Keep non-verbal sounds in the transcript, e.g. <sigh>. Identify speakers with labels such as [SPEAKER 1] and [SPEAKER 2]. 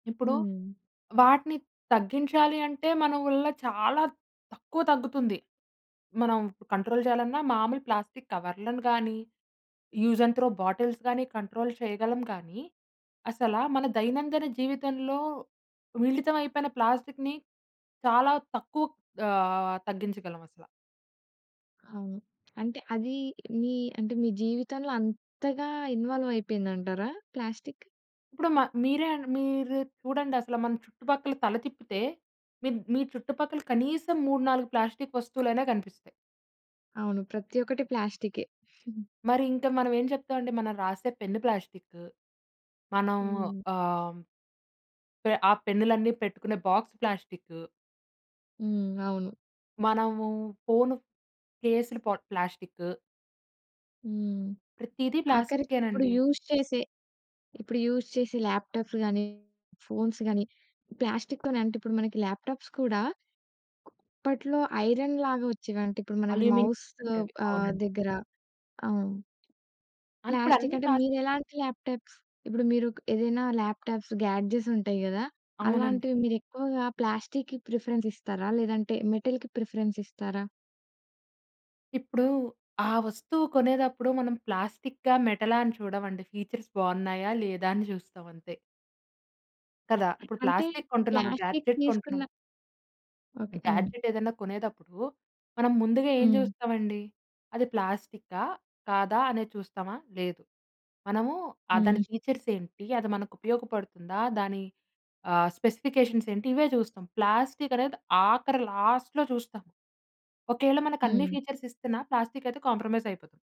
[SPEAKER 1] ఇప్పుడు
[SPEAKER 2] హ్మ్.
[SPEAKER 1] వాటిని తగ్గించాలి అంటే మన వళ్ళ చాలా తక్కువ తగ్గుతుంది. మనం కంట్రోల్ చేయాలన్నా మామూలు ప్లాస్టిక్కు కవర్లను గానీ, యూజ్ అండ్ త్రో బాటిల్స్ గానీ కంట్రోల్ చేయగలం కానీ, అసల మన దైనందిన జీవితంలో మిళితం అయిపోయిన ప్లాస్టిక్కుని చాలా తక్కువ ఆహ్, తగ్గించగలం అసల.
[SPEAKER 2] అవును. అంటే అది మీ అంటే మీ జీవితంలో అంతగా ఇన్వాల్వ్ అయిపోయిందంటారా ప్లాస్టిక్కు?
[SPEAKER 1] ఇప్పుడు మ మీరే మీరు చూడండసల మన చుట్టుపక్కల తల తిప్పితే మిర్ మీ చుట్టుపక్కల కనీసం 3, 4 ప్లాస్టిక్కు వస్తువులైనా కనిపిస్తాయి.
[SPEAKER 2] అవును. ప్రతి ఒక్కటి ప్లాస్టికే. <giggles>
[SPEAKER 1] మరి ఇంకా మనం ఏం చెప్తామంటే మనం రాసే పెన్ను ప్లాస్టిక్కు. మనం
[SPEAKER 2] హ్మ్.
[SPEAKER 1] ఆహ్... పె ఆ పెన్నులన్నీ పెట్టుకునే బాక్స్ ప్లాస్టిక్కు.
[SPEAKER 2] హ్మ్. అవును.
[SPEAKER 1] మనము ఫోను కేసులు పొ ప్లాస్టిక్కు.
[SPEAKER 2] హ్మ్.
[SPEAKER 1] ప్రతీదీ
[SPEAKER 2] ఆఖరికిప్పుడు
[SPEAKER 1] ప్లాస్టిక్కేనండి.
[SPEAKER 2] యూజ్ చేసే ఇప్పుడు యూజ్ చేసే ల్యాప్‌టా‌ప్స్ గానీ, ఫోన్స్ గానీ, ప్లాస్టిక్కుతోనే. అంటే ఇప్పుడు మనకి ల్యాప్‌టా‌ప్స్ కూడా అప్పట్లో ఐరన్ లాగా వచ్చేవి. అంటే ఇప్పుడు మనకి మౌసు
[SPEAKER 1] అల్యూమినియం అవి.
[SPEAKER 2] ఆహ్,
[SPEAKER 1] అవునండి.
[SPEAKER 2] దగ్గర అవును.
[SPEAKER 1] అన్‌ ఇపుడన్నీ
[SPEAKER 2] ప్లాస్టిక్కు అంటే
[SPEAKER 1] ప్లాస్టిక్కే.
[SPEAKER 2] మీరెలాంటి ల్యాప్‌టా‌ప్స్? ఇప్పుడు మీరు ఏదైనా ల్యాప్‌టా‌ప్స్ గ్యాడ్జెట్స్ ఉంటాయి గదా!
[SPEAKER 1] అవునండి.
[SPEAKER 2] అలాంటివి మీరెక్కువగా ప్లాస్టిక్‌కి ప్రిఫరెన్స్ ఇస్తారా? లేదంటే మెటల్‌కి ప్రిఫరెన్స్ ఇస్తారా?
[SPEAKER 1] ఇప్పుడు ఆ వస్తువు కొనేదప్పుడు మనం ప్లాస్టిక్కా, మెటలా అని చూడమండి. ఫీచర్స్ బావున్నాయా లేదా అని చూస్తాం అంతే. కదా! ఇప్పుడు
[SPEAKER 2] అంటే
[SPEAKER 1] ప్లాస్టిక్కు కొంటున్నాము,
[SPEAKER 2] ప్లాస్టిక్కు
[SPEAKER 1] గాడ్జెట్
[SPEAKER 2] తీసుకున్న
[SPEAKER 1] కొంటున్నాము.
[SPEAKER 2] ఓకే. అవును.
[SPEAKER 1] గ్యాడ్జెట్ ఏదన్నా కొనేదప్పుడు మనం ముందుగా ఏం
[SPEAKER 2] హ్మ్.
[SPEAKER 1] జూస్తామండి? అది ప్లాస్టిక్కా? కాదా? అనే చూస్తామా? లేదు. మనము ఆ
[SPEAKER 2] హ్మ్.
[SPEAKER 1] దాని ఫీచర్సెంటి? అది మనకు ఉపయోగపడుతుందా? దాని ఆహ్, స్పెసిఫికేషన్స్ ఏంటి? ఇవే చూస్తాం. ప్లాస్టిక్కు అనేది ఆఖరి లాస్ట్‌లో చూస్తాం. ఒకేళ మనకన్ని
[SPEAKER 2] హ్మ్.
[SPEAKER 1] ఫీచర్స్ ఇస్తున్నా ప్లాస్టిక్కు అయితే కాంప్రమైజ్ అయిపోతాం.